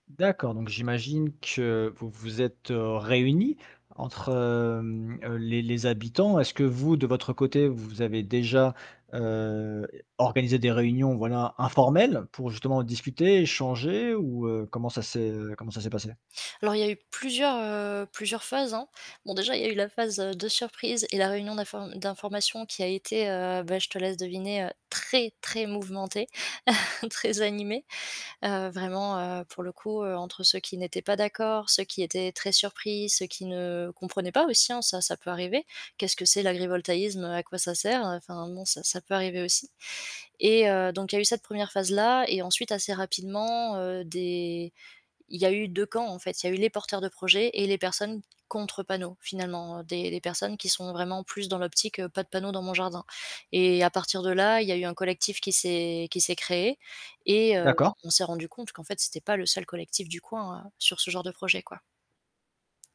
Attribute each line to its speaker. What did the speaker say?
Speaker 1: D'accord, donc j'imagine que vous vous êtes, heu, réunis entre hem, heu, les les habitants. Est-ce que vous, de votre côté, vous avez déjà, heu, organisé des réunions voilà informelles pour justement discuter, échanger ou heu, comment ça s'est, heu, comment ça s'est passé?
Speaker 2: Alors, il y a eu plusieurs, heu, plusieurs phases, hein. Bon, déjà, il y a eu la phase, heu, de surprise et la réunion d'inform d'information qui a été, heu, bah, je te laisse deviner, heu, très, très mouvementée, très animée. Heu, vraiment, heu, pour le coup, heu, entre ceux qui n'étaient pas d'accord, ceux qui étaient très surpris, ceux qui ne comprenaient pas aussi, hein ça, ça peut arriver. Qu'est-ce que c'est l'agrivoltaïsme, heu, à quoi ça sert? Heu, enfin bon, ça ça peut arriver aussi, et heu, donc il y a eu cette 1re phase-là et ensuite assez rapidement, heu, des il y a eu 2 camps en fait, il y a eu les porteurs de projets et les personnes contre panneaux finalement, heu, des des personnes qui sont vraiment plus dans l'optique, heu «pas de panneaux dans mon jardin», et à partir de là, il y a eu un collectif qui s'est qui s'est créé et heu, on
Speaker 1: D'accord.
Speaker 2: on s'est rendu compte qu'en fait c'était pas le seul collectif du coin, heu, sur ce genre de projet, quoi.